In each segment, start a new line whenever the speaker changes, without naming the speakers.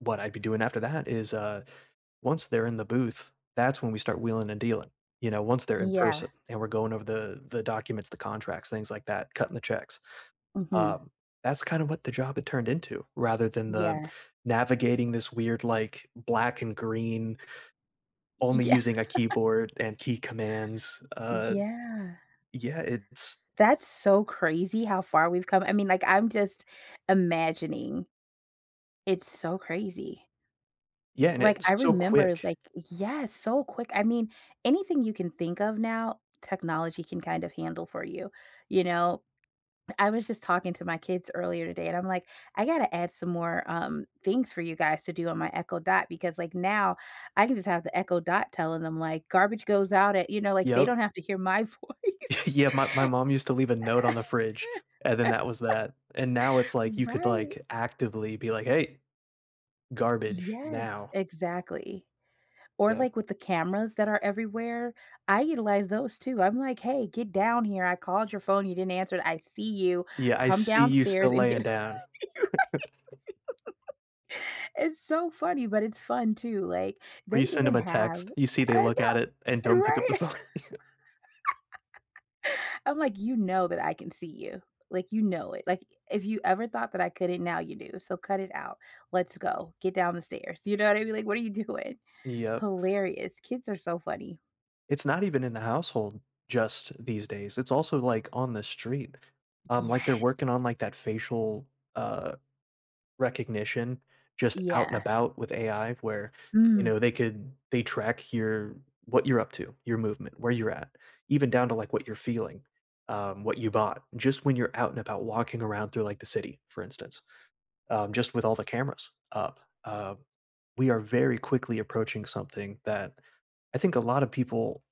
What I'd be doing after that is, uh once they're in the booth, that's when we start wheeling and dealing, you know? Once they're in
Yeah.
person, and we're going over the the documents, the contracts, things like that cutting the checks.
Mhm.
Um, that's, kind of what the job had turned into, rather than the
Yeah.
navigating this weird, like, black and green
Y
only
Yeah.
using a keyboard, and key commands, uh,
Yeah.
yeah, it's
That's so crazy how far we've come, I mean, like, I'm just imagining. It's so crazy.
Yeah, and
Like,
it's
I
so
remember,
quick.
like yes, so quick, I mean, anything you can think of now, technology can kind of handle for you, you know? I was just talking to my kids earlier today, and I'm, like, "I gotta add some more," um, "things for you guys to do on my Echo Dot." Because, like, now I can just have the Echo Dot telling 'em, like, "Garbage goes out at" you know? like, they
Yep.
don't have to hear my voice.
Yeah, my my mom used to leave a note on the fridge, and then that was that. And now, it's, like you could,
Right.
like, actively be, like, "Hey. Garbage
Yes,
now."
exactly. Or,
Yep.
like, with the cameras that are everywhere? I utilize those too, I'm like, "Hey, get down here, I called your phone, you didn't answer it, I see you,
Yeah, "I
come
see you
downstairs
still
and get"
laying down."
Right? It's so funny, but it's fun, too, like,
Or,
they
you send
even
'em a
have
text, you see they
I
look
know
at it, and don't pick up the
right?
phone.
I'm like, "you know that I can see you." Like, "You know it," like, "i if you ever thought that I couldn't, now you do, so cut it out, let's go, get down the stairs." you know what I mean? Like, what are you doing?
Yep.
Hilarious, kids are so funny.
It's not even in the household, just these days, it's also, like, on the street. Um, like, they're working
Yes.
on, like, that facial, uh, recognition. Just out and
Yeah.
about with AI, where they
Mm.
know they can they track you're what you're up to, your movement, where you're at, even down to, like, what you're feeling, um, what you bought, just when you're out and about walking around through, like, the city, for instance. Um, just with all the cameras up, uh, we are, very quickly, approaching something that, I think a lotta people,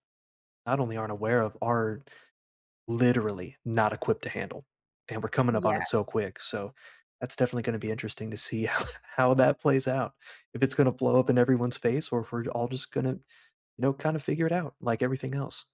not only aren't aware of are, literally not equipped to handle, and we're coming up on
Yeah.
it so quick, so, that's definitely gonna be interesting to see how how that plays out. If it's gonna blow up in everyone's face or if we're all just gonna, you know? Kind of figure it out like everything else.